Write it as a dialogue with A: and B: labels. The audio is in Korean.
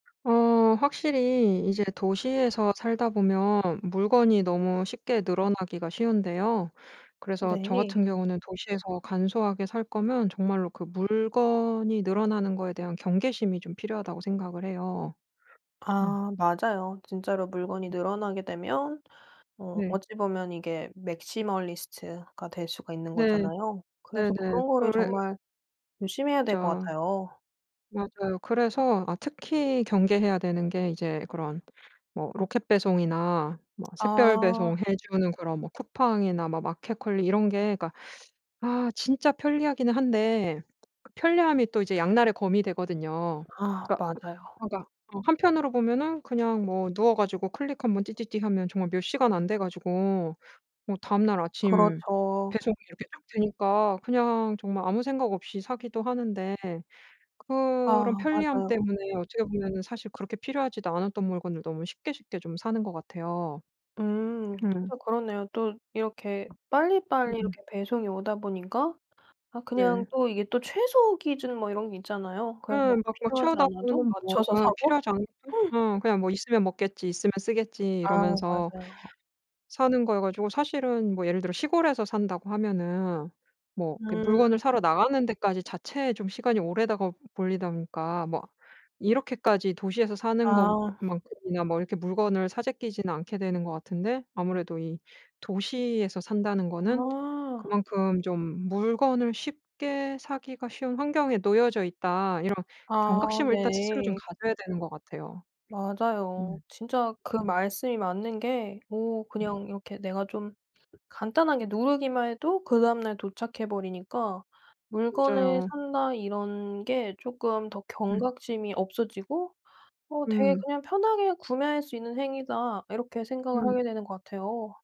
A: 어 확실히 이제 도시에서 살다 보면 물건이 너무 쉽게 늘어나기가 쉬운데요. 그래서 저
B: 네.
A: 같은 경우는 도시에서 간소하게 살거면 정말로 그 물건이 늘어나는 거에 대한 경계심이 좀 필요하다고 생각을 해요. 어.
B: 아 맞아요. 진짜로 물건이 늘어나게 되면 어
A: 네.
B: 어찌 보면 이게 맥시멀리스트가 될 수가 있는
A: 네.
B: 거잖아요. 그래서
A: 네네.
B: 그런 거를
A: 그래
B: 정말 조심해야 될 것
A: 진짜.
B: 같아요.
A: 맞아요. 그래서 아 특히 경계해야 되는 게 이제 그런 뭐 로켓배송이나 뭐
B: 아.
A: 샛별배송 해주는 그런 뭐 쿠팡이나 뭐 마켓컬리 이런 게 그러니까 아 진짜 편리하기는 한데 편리함이 또 이제 양날의 검이 되거든요.
B: 아
A: 그러니까
B: 맞아요.
A: 그러니까 어 한편으로 보면은 그냥 뭐 누워 가지고 클릭 한번 띠띠띠 하면 정말 몇 시간 안 돼 가지고 뭐 다음날 아침
B: 그렇죠.
A: 배송이 이렇게 쭉 되니까 그냥 정말 아무 생각 없이 사기도 하는데 그런
B: 아
A: 편리함
B: 맞아요.
A: 때문에 어떻게 보면은 사실 그렇게 필요하지도 않았던 물건을 너무 쉽게 쉽게 좀 사는 것 같아요.
B: 음
A: 음.
B: 진짜 그러네요. 또 이렇게 빨리빨리
A: 음.
B: 이렇게 배송이 오다 보니까 아 그냥
A: 네.
B: 또 이게 또 최소 기준 뭐 이런 게 있잖아요.
A: 예.
B: 그래서
A: 막 막
B: 필요하지
A: 채우다
B: 않아도
A: 보면은 뭐
B: 맞춰서
A: 어
B: 사고.
A: 필요하지 않은 것도 어 '그냥 뭐 있으면 먹겠지. 있으면 쓰겠지.'
B: 아
A: 이러면서
B: 맞아요.
A: 사는 것이어 가지고 사실은 뭐 예를 들어 시골에서 산다고 하면은 뭐 이렇게 물건을
B: 음.
A: 사러 나가는 데까지 자체에 좀 시간이 오래다가 걸리다 보니까 뭐 이렇게까지 도시에서 사는
B: 아.
A: 것만큼이나 뭐 이렇게 물건을 사 제끼지는 않게 되는 것 같은데 아무래도 이 도시에서 산다는 거는
B: 아.
A: 그만큼 좀 물건을 쉽게 사기가 쉬운 환경에 놓여져 있다 이런
B: 아
A: 경각심을 일단 스스로 좀
B: 네.
A: 가져야 되는 것 같아요.
B: 맞아요.
A: 음.
B: 진짜 그
A: 음.
B: 말씀이 맞는 게 뭐
A: 음.
B: 그냥 이렇게 내가 좀 간단하게 누르기만 해도 그다음 날 도착해 버리니까 물건을
A: 맞아요.
B: 산다 이런 게 쪼끔 더
A: 음.
B: 경각심이 없어지고 어 되게
A: 음.
B: 그냥 '편하게 구매할 수 있는 행위다.' 이렇게 생각을
A: 음.
B: 하게 되는 것 같아요.